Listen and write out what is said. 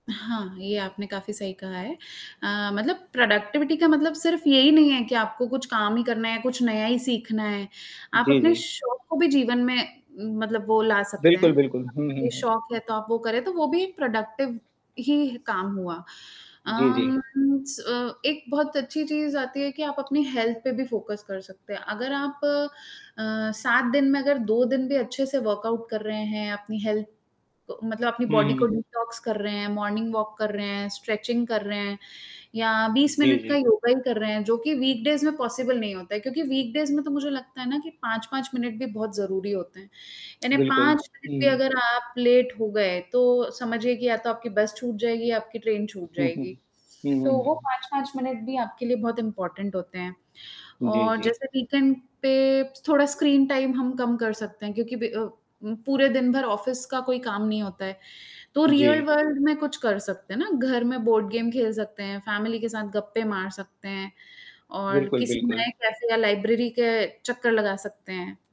हाँ, ये आपने काफ़ी सही कहा है। अ, मतलब प्रोडक्टिविटी का मतलब सिर्फ़ यही नहीं है कि आपको कुछ काम ही करना है, कुछ नया ही सीखना है, आप जी, अपने जी। शौक को भी जीवन में मतलब वो ला सकते हैं, बिल्कुल, बिल्कुल। हुँ, हुँ, ये हुँ। शौक है तो आप वो करें, तो वो भी एक प्रोडक्टिव ही काम हुआ। जी, अम जी। स अ, एक बहुत अच्छी चीज़ आती है कि आप अपनी हेल्थ पे भी फ़ोकस कर सकते हैं, अगर आप अ, 7 दिन में अगर 2 दिन भी अच्छे से वर्कआउट कर रहे हैं, अपनी हेल्थ क मतलब अपनी हुँ, बॉडी को हुँ। डिटॉक्स कर रहे हैं, मॉर्निंग वॉक कर रहे हैं, स्ट्रेचिंग कर रहे हैं या 20 जी, मिनट का जी। योगा ही कर रहे हैं जो कि वीकडेज़ में पॉसिबल नहीं होता है, क्योंकि वीकडेज़ में तो मुझे लगता है ना कि 5-5 मिनट भी बहुत ज़रूरी होते हैं। यानी बिल्कुल। 5 मिनट भी हुँ। अगर आप लेट हो गए तो समझिए कि या तो आपकी बस छूट जाएगी या आपकी ट्रेन छूट हुँ, हुँ। जाएगी। हुँ, हुँ, तो वो हुँ। 5-5 मिनट भी आपके लिए बहुत इम्पोर्टेंट होते हैं जी, और जी। जैसे वीकेंड पे थोड़ा स्क्रीन टाइम हम कम कर सकते हैं, क्योंकि ब अ, पूरे दिन भर ऑफ़िस का कोई काम नहीं होता है, तो जी। रियल वर्ल्ड में कुछ कर सकते हैं ना? घर में बोर्ड गेम खेल सकते हैं, फ़ैमिली के साथ गप्पे मार सकते हैं और बिल्कुल, किसी बिल्कुल। नए कैफे या लाइब्रेरी के चक्कर लगा सकते हैं।